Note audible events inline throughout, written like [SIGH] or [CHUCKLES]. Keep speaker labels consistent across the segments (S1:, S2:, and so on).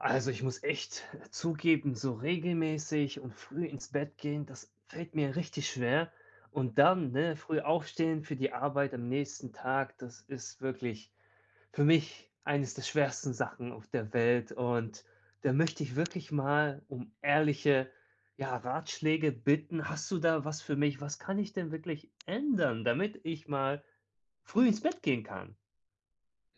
S1: Also, ich muss echt zugeben, so regelmäßig und früh ins Bett gehen, das fällt mir richtig schwer, und dann, ne, früh aufstehen für die Arbeit am nächsten Tag, das ist wirklich für mich eines der schwersten Sachen auf der Welt. Und da möchte ich wirklich mal um ehrliche, ja, Ratschläge bitten. Hast du da was für mich? Was kann ich denn wirklich ändern, damit ich mal früh ins Bett gehen kann?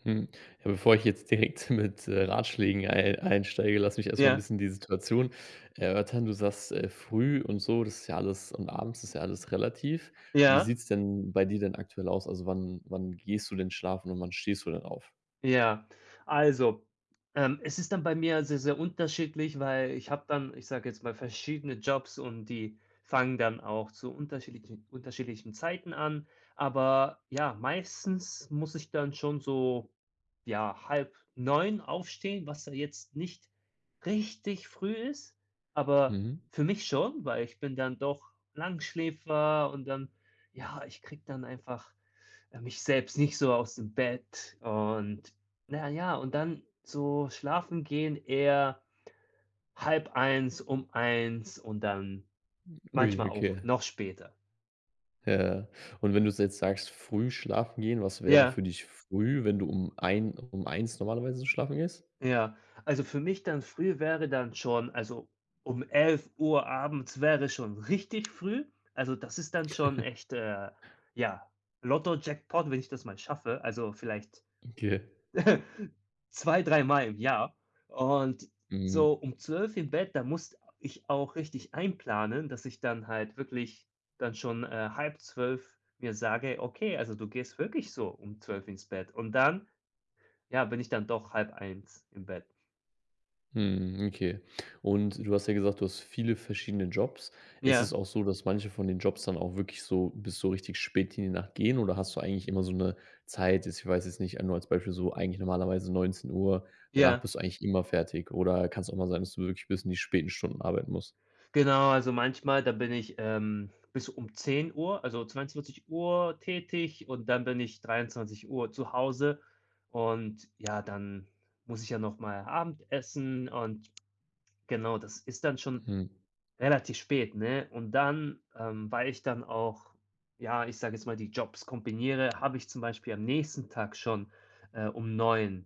S2: Hm. Ja, bevor ich jetzt direkt mit, äh, Ratschlägen ei einsteige, lass mich erstmal 'n
S1: Ja.
S2: bisschen die Situation erörtern. Du sagst: „Äh, früh” und so, das ist ja alles und abends ist ja alles relativ. Wie
S1: Ja.
S2: sieht's denn bei dir denn aktuell aus? Also, wann wann gehst du denn schlafen und wann stehst du denn auf?
S1: Ja, also, ähm, es ist dann bei mir sehr, sehr unterschiedlich, weil ich habe dann, ich sage jetzt mal, verschiedene Jobs und die fangen dann auch zu unterschiedlichen unterschiedlichen Zeiten an. Aber ja, meistens muss ich dann schon so, ja, 8:30 aufstehen, was ja jetzt nicht richtig früh ist, aber
S2: Mhm.
S1: für mich schon, weil ich bin dann doch Langschläfer und dann ja, ich kriege dann einfach, äh, mich selbst nicht so aus dem Bett und na ja, und dann so schlafen gehen eher 0:30,, um 1:00 und dann
S2: Ui,
S1: manchmal auch
S2: okay.
S1: noch später.
S2: Ja. Und wenn du jetzt sagst, früh schlafen gehen, was wäre
S1: Ja.
S2: für dich früh, wenn du um ein um 1:00 normalerweise schlafen gehst?
S1: Ja, also für mich dann früh, wäre dann schon also um 23:00 abends wäre schon richtig früh, also, das ist dann schon
S2: [CHUCKLES]
S1: echt, äh, ja, Lotto-Jackpot, wenn ich das mal schaffe. Also vielleicht
S2: Okay.
S1: [CHUCKLES] 2, 3 Mal im Jahr und
S2: Mhm.
S1: so um 0:00 im Bett, da musst ich auch richtig einplanen, dass ich dann halt wirklich dann schon, äh, 11:30 mir sage: „Okay, also, du gehst wirklich so um 0:00 ins Bett” und dann ja, bin ich dann doch 0:30 im Bett.
S2: Mhm, okay, und du hast ja gesagt: „Du hast viele verschiedene Jobs.” Ist
S1: Ja.
S2: es auch so, dass manche von den Jobs dann auch wirklich so bis so richtig spät in die Nacht gehen, oder hast du eigentlich immer so 'ne Zeit jetzt ich weiß jetzt nicht, nur als Beispiel, so eigentlich normalerweise 19:00, danach
S1: Ja.
S2: bist du eigentlich immer fertig oder kann's auch mal sein, dass du wirklich bis in die späten Stunden arbeiten musst?
S1: Genau, also manchmal, da bin ich, ähm, bis um 10:00, also 22:00 tätig und dann bin ich 23:00 zu Hause, und, ja, dann muss ich ja nochmal Abendessen und genau, das ist dann schon
S2: Mhm.
S1: relativ spät, ne? Und dann ähm, weil ich dann auch, ja, ich sage jetzt mal, die Jobs kombiniere, habe ich zum Beispiel am nächsten Tag schon, äh, um 9:00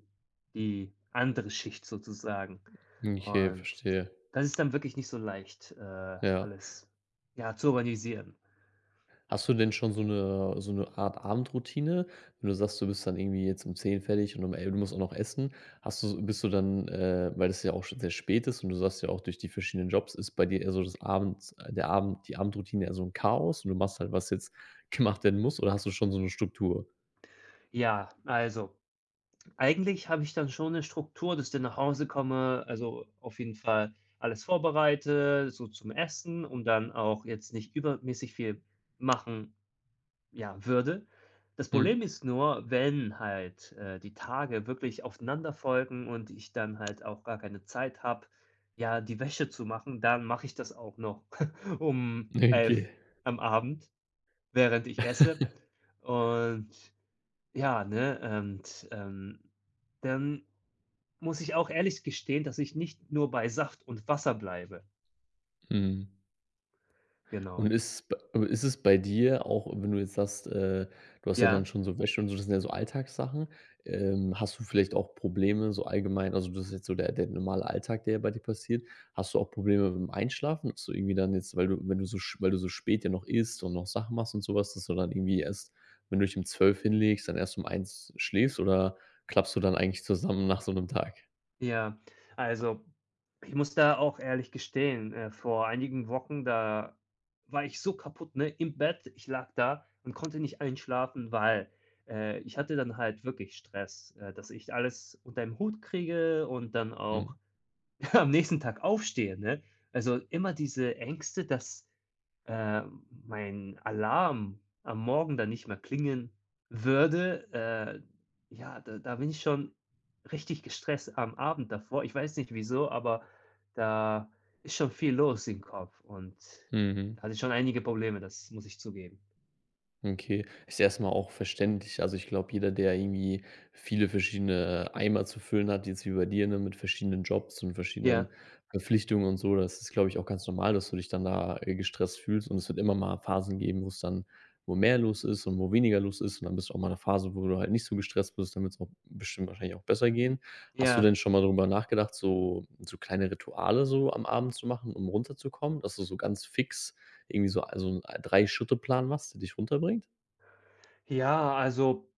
S1: die andere Schicht sozusagen,
S2: Okay,
S1: und d
S2: verstehe.
S1: das ist dann wirklich nicht so leicht, äh,
S2: Ja.
S1: alles, ja, zu organisieren.
S2: Hast du denn schon so 'ne so 'ne Art Abendroutine? Wenn du sagst, du bist dann irgendwie jetzt um 10:00 fertig und um el du musst auch noch essen, hast du bist du dann, äh, weil das ja auch schon sehr spät ist und du sagst ja auch, durch die verschiedenen Jobs ist bei dir eher so das Abends der Abend die Abendroutine eher so 'n Chaos und du machst halt, was jetzt gemacht werden muss, oder hast du schon so 'ne Struktur?
S1: Ja, also. Eigentlich habe ich dann schon 'ne Struktur, dass ich dann nach Hause komme, also, auf jeden Fall alles vorbereite, so zum Essen und dann auch jetzt nicht übermäßig viel machen, ja, würde. Das
S2: Mhm.
S1: Problem ist nur, wenn halt, äh, die Tage wirklich aufeinander folgen und ich dann halt auch gar keine Zeit habe, ja, die Wäsche zu machen, dann mache ich das auch noch [CHUCKLES] um
S2: Ne,
S1: 11:00
S2: okay.
S1: am Abend, während ich esse.
S2: [LAUGHS]
S1: Und ja, ne? Und, ähm, dann muss ich auch ehrlich gestehen, dass ich nicht nur bei Saft und Wasser bleibe.
S2: Mhm.
S1: Genau.
S2: Und ist b ist es bei dir auch, wenn du jetzt sagst, äh du hast ja dann
S1: Ja.
S2: schon so Wäsche und so. Das sind ja so Alltagssachen. Ähm, hast du vielleicht auch Probleme so allgemein also, das ist jetzt so der der normale Alltag, der bei dir passiert. Hast du auch Probleme mit dem Einschlafen, so irgendwie dann jetzt, weil du, wenn du so sch weil du so spät ja noch isst und noch Sachen machst und sowas, dass du dann irgendwie erst wenn du dich um 12:00 hinlegst, dann erst um 01:00 schläfst? Oder klappst du dann eigentlich zusammen nach so 'nem Tag?
S1: Ja. Also, ich muss da auch ehrlich gestehen, äh, vor einigen Wochen, da war ich so kaputt, ne, im Bett. Ich lag da und konnte nicht einschlafen, weil, äh, ich hatte dann halt wirklich Stress, äh, dass ich alles unter ein Hut kriege und dann auch
S2: Mhm.
S1: [SNORTS] am nächsten Tag aufstehe, ne? Also, immer diese Ängste, dass, äh, m mein Alarm am Morgen dann nicht mehr klingen würde. Äh, ja, da da bin ich schon richtig gestresst am Abend davor. Ich weiß nicht wieso, aber da ist schon viel los im Kopf und
S2: Mhm.
S1: da hatte ich schon einige Probleme, das muss ich zugeben.
S2: Okay. Ist erstmal auch verständlich. Also, ich glaube, jeder, der irgendwie viele verschiedene, äh, Eimer zu füllen hat, jetzt wie bei dir, ne, mit verschiedenen Jobs und
S1: Ja.
S2: verschiedenen Verpflichtungen und so. Das ist, glaube ich, auch ganz normal, dass du dich dann da, äh, gestresst fühlst und es wird immer mal Phasen geben, wo es dann wo mehr los ist und wo weniger los ist. Und dann bist du auch mal in 'ner Phase, wo du halt nicht so gestresst bist, dann wird's auch bestimmt wahrscheinlich auch besser gehen. Hast du
S1: Ja.
S2: denn schon mal darüber nachgedacht, so so kleine Rituale so am Abend zu machen, um runterzukommen, dass du so ganz fix irgendwie so a so 'n 3-Schritte-Plan machst, der dich runterbringt?
S1: Ja, also,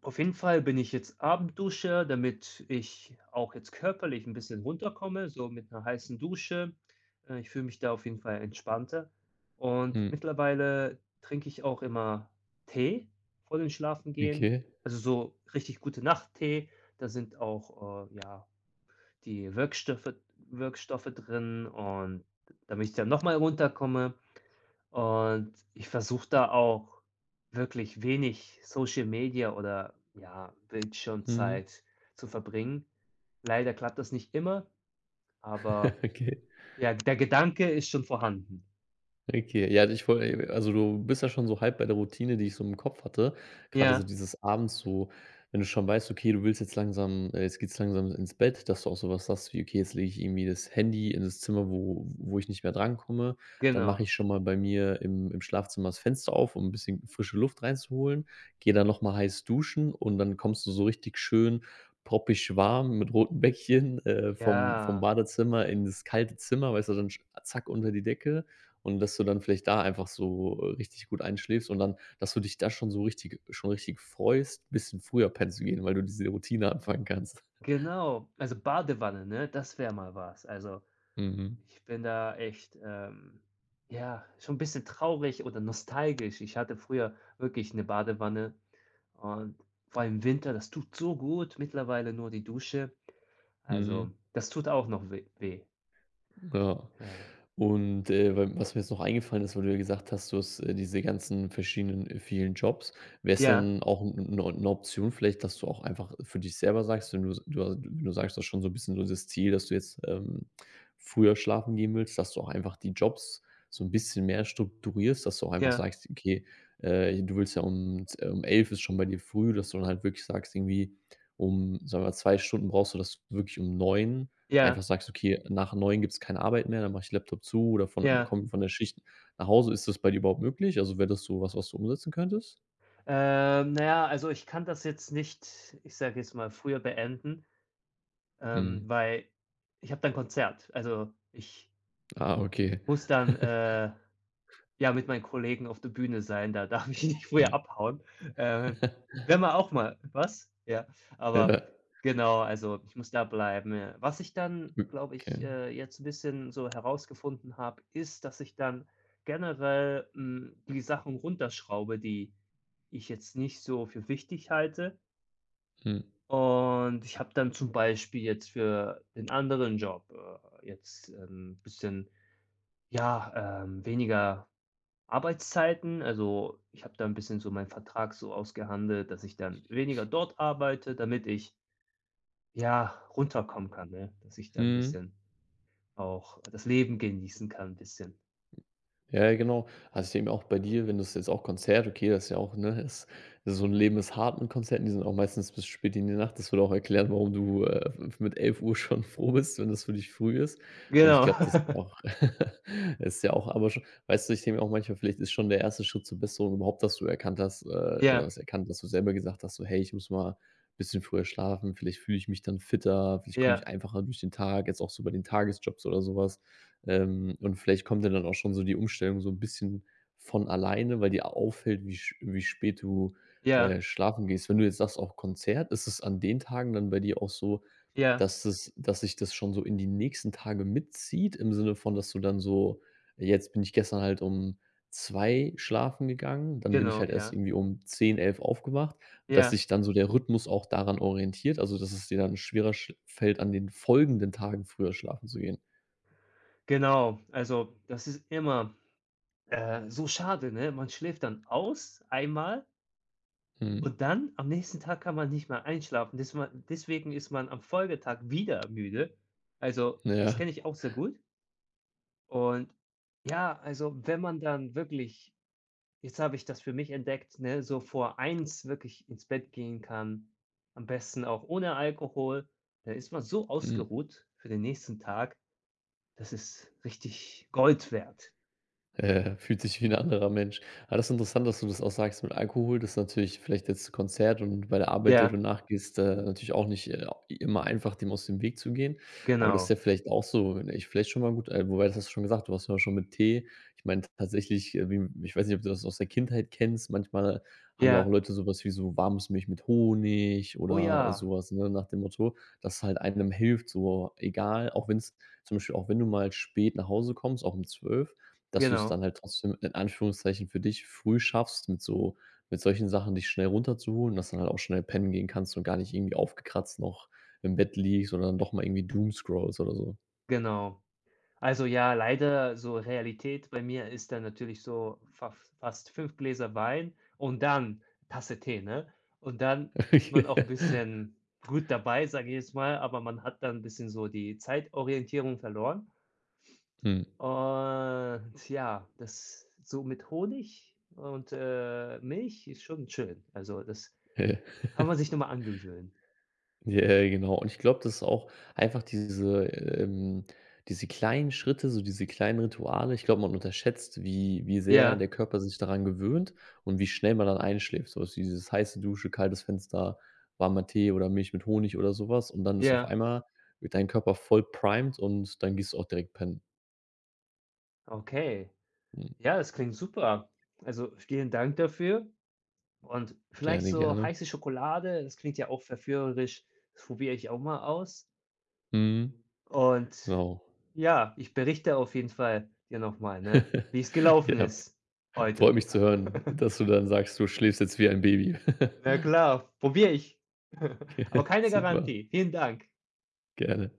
S1: auf jeden Fall bin ich jetzt Abendduscher, damit ich auch jetzt körperlich 'n bisschen runterkomme, so mit 'ner heißen Dusche, äh, ich fühle mich da auf jeden Fall entspannter. Und
S2: Hm.
S1: mittlerweile trinke ich auch immer Tee vor dem Schlafengehen.
S2: Okay.
S1: Also, so richtig Gute-Nacht-Tee. Da sind auch, äh, ja, die Wirkstoffe Wirkstoffe drin und damit ich dann nochmal runterkomme und ich versuche da auch wirklich wenig Social Media oder ja,
S2: Mhm.
S1: Bildschirmzeit zu verbringen. Leider klappt das nicht immer, aber,
S2: [CHUCKLES] Okay.
S1: ja, der Gedanke ist schon vorhanden.
S2: Okay, ja, ich wollte also, du bist ja schon so halb bei der Routine, die ich so im Kopf hatte. Grade so
S1: Ja.
S2: dieses Abends so wenn du schon weißt, okay, du willst jetzt langsam äh, jetzt geht's langsam ins Bett, dass du auch sowas hast, wie: „Okay, jetzt lege ich irgendwie das Handy in das Zimmer, wo wo ich nicht mehr drankomme. Dann mache
S1: Genau.
S2: ich schon mal bei mir im im Schlafzimmer das Fenster auf, um 'n bisschen frische Luft reinzuholen, gehe dann nochmal heiß duschen“ und dann kommst du so richtig schön proppig warm mit roten Bäckchen, äh, vom vom
S1: Ja.
S2: Badezimmer in das kalte Zimmer. Weißt du dann sch zack unter die Decke und, dass du dann vielleicht da einfach so, äh, richtig gut einschläfst und dann, dass du dich da schon so richtig schon richtig freust, 'n bisschen früher pennen zu gehen, weil du diese Routine anfangen kannst.
S1: Genau. Also, Badewanne, ne? Das wäre mal was. Also,
S2: Mhm.
S1: ich bin da echt, ähm, ja, schon 'n bisschen traurig oder nostalgisch. Ich hatte früher wirklich 'ne Badewanne und vor allem im Winter, das tut so gut, mittlerweile nur die Dusche also,
S2: Mhm.
S1: das tut auch noch weh weh.
S2: Ja.
S1: Ja.
S2: Und, äh, we was mir jetzt noch eingefallen ist, weil du ja gesagt hast, du hast, äh, diese ganzen verschiedenen, äh, vielen Jobs. Wäre es
S1: Ja.
S2: dann auch 'n 'n o 'ne Option vielleicht, dass du auch einfach für dich selber sagst, wenn du's also, du wenn du sagst das schon so 'n bisschen so das Ziel, dass du jetzt, ähm, früher schlafen gehen willst, dass du auch einfach die Jobs so 'n bisschen mehr strukturierst? Dass du einfach
S1: Ja.
S2: sagst: „Okay“, äh, du willst ja um z um 11:00 ist schon bei dir früh, dass du dann halt wirklich sagst irgendwie um sagen wir 2 Stunden brauchst du das wirklich um 9:00
S1: Ja.
S2: einfach sagst: „Okay, nach 9:00 gibt's keine Arbeit mehr, dann mache ich Laptop zu oder von einmal
S1: Ja.
S2: komme ich von der Schicht nach Hause.“ Ist das bei dir überhaupt möglich? Also, wäre das sowas, was du umsetzen könntest?
S1: Ähm, na ja, also, ich kann das jetzt nicht, ich sage jetzt mal früher beenden, ähm,
S2: Mhm.
S1: weil ich habe da 'n Konzert. Also, ich
S2: Ah, okay.
S1: Muss dann,
S2: [CHUCKLES]
S1: äh, ja, mit meinen Kollegen auf der Bühne sein. Da darf ich nicht früher
S2: Hm.
S1: abhauen. Äh,
S2: [CHUCKLES]
S1: wäre mal auch mal was? Ja, aber
S2: [CHUCKLES]
S1: genau. Also, ich muss da bleiben, ja. Was ich dann, glaube ich,
S2: Okay.
S1: äh, jetzt 'n bisschen so herausgefunden habe, ist, dass ich dann generell, hm, die Sachen runterschraube, die ich jetzt nicht so für wichtig halte.
S2: Mhm.
S1: Und ich habe dann zum Beispiel jetzt für den anderen Job, äh, jetzt, ähm, 'n bisschen, ja, ähm, weniger Arbeitszeiten. Also, ich habe da 'n bisschen so meinen Vertrag so ausgehandelt, dass ich dann weniger dort arbeite, damit ich ja, runterkommen kann, ne? Dass ich da 'n
S2: Mhm.
S1: bisschen auch das Leben genießen kann 'n bisschen.
S2: Ja, ja, genau. Also, ich denke mal auch bei dir, wenn das jetzt auch Konzert okay, das ist ja auch, ne, ist so 'n Leben ist hart 'n Konzert und die sind auch meistens bis spät in die Nacht. Das würde auch erklären, warum du, äh, f f mit 11:00 schon froh bist, wenn das für dich früh ist. Und ich
S1: Genau.
S2: glaube, das ist
S1: [CHUCKLES]
S2: auch [CHUCKLES] es ist ja auch aber sch weißt du, ich denke mir auch manchmal: „Vielleicht ist schon der 1. Schritt zur Besserung überhaupt, dass du erkannt hast, äh oder
S1: Ja.
S2: was erkannt dass du selber gesagt hast, so: ‚Hey, ich muss mal bisschen früher schlafen. Vielleicht fühle ich mich dann fitter. Vielleicht komme ich
S1: Ja.
S2: einfacher durch den Tag‘“, jetzt auch so bei den Tagesjobs oder sowas. Ähm, und vielleicht kommt ja dann auch schon so die Umstellung so 'n bisschen von alleine, weil dir a auffällt, wie sch wie spät du,
S1: Ja.
S2: äh, schlafen gehst. Wenn du jetzt sagst: „Auch Konzert“, ist es an den Tagen dann bei dir auch so,
S1: Ja.
S2: dass es dass sich das schon so in die nächsten Tagen mitzieht im Sinne von, dass du dann so: „Jetzt bin ich gestern halt um 2:00 schlafen gegangen. Dann bin ich
S1: Genau,
S2: halt erst
S1: ja.
S2: irgendwie um 10:00, 11:00 aufgewacht“, dass
S1: Ja.
S2: sich dann so der Rhythmus auch daran orientiert? Also, dass es dir dann schwerer sch fällt, an den folgenden Tagen früher schlafen zu gehen?
S1: Genau. Also, das ist immer, äh, so schade, ne? Man schläft dann aus, einmal
S2: Mhm.
S1: und dann, am nächsten Tag, kann man nicht mehr einschlafen, desman deswegen ist man am Folgetag wieder müde. Also,
S2: Na ja.
S1: das kenne ich auch sehr gut. Und ja, also, wenn man dann wirklich jetzt habe ich das für mich entdeckt, ne, so vor 1:00 wirklich ins Bett gehen kann, am besten auch ohne Alkohol, da ist man so
S2: Hm.
S1: ausgeruht für den nächsten Tag. Das ist richtig Gold wert.
S2: Äh, fühlt sich wie 'n anderer Mensch, aber das ist interessant, dass du das auch sagst mit Alkohol, das ist natürlich vielleicht jetzt 'n Konzert und bei der Arbeit, der du
S1: Ja.
S2: nachgehst, äh, natürlich auch nicht, äh, immer einfach, dem aus dem Weg zu gehen. Aber du hast
S1: Genau.
S2: ja vielleicht auch so, ne, ist vielleicht schon mal gut, äh, wobei, das hast du schon gesagt: „Du hast ja auch schon mit Tee.” Ich meinte, tatsächlich, äh, wie m ich weiß nicht, ob du das aus der Kindheit kennst, manchmal haben ja auch
S1: Ja.
S2: Leute sowas wie so warmes Milch mit Honig
S1: Oh
S2: oder
S1: ja.
S2: sowas, ne, nach dem Motto, das halt einem hilft, so egal, auch wenn's zum Beispiel auch wenn du mal spät nach Hause kommst, auch um 12:00, dass du's dann
S1: Genau.
S2: halt trotzdem in Anführungszeichen für dich früh schaffst, mit so mit solchen Sachen dich schnell runterzuholen, dass du dann halt auch schnell pennen gehen kannst und gar nicht irgendwie aufgekratzt noch im Bett liegst oder dann doch mal irgendwie doomscrollst oder so.
S1: Genau. Also, ja, leider so Realität bei mir ist dann natürlich so fas fast 5 Gläser Wein und dann Tasse Tee, ne? Und dann ist man auch 'n
S2: [LAUGHS]
S1: bisschen gut dabei, sage ich jetzt mal, aber man hat dann 'n bisschen so die Zeitorientierung verloren.
S2: Mhm.
S1: Und ja, das so mit Honig und, äh, Milch ist schon schön. Also, das
S2: Hä?
S1: kann man
S2: [LAUGHS]
S1: sich noch mal angewöhnen.
S2: J ja, genau. Und ich glaube, das ist auch einfach diese, ähm diese kleinen Schritte, so diese kleinen Rituale ich glaube, man unterschätzt, wie wie sehr der
S1: qJa.
S2: Körper sich daran gewöhnt und wie schnell man dann einschläft, sowas wie dieses heiße Dusche, kaltes Fenster, warmer Tee oder Milch mit Honig oder sowas und dann ist auf
S1: Ja.
S2: einmal wird dein Körper voll primed und dann gehst du auch direkt pennen.
S1: Okay.
S2: Mhm.
S1: Ja, das klingt super. Also, vielen Dank dafür. Und vielleicht
S2: Gerne,
S1: so
S2: gerne.
S1: heiße Schokolade, das klingt ja auch verführerisch. Das probiere ich auch mal aus.
S2: Mhm.
S1: Und,
S2: Genau.
S1: ja, ich berichte auf jeden Fall dir noch mal, ne,
S2: [CHUCKLES]
S1: wie's gelaufen
S2: Ja.
S1: ist
S2: Freut
S1: heute.
S2: mich zu hören,
S1: [LAUGHS]
S2: dass du dann sagst: „Du schläfst jetzt wie ein Baby.“ [CHUCKLES]
S1: Na klar. Probiere ich. [CHUCKLES] Aber
S2: Okay,
S1: keine
S2: super.
S1: Garantie. Vielen Dank.
S2: Gerne.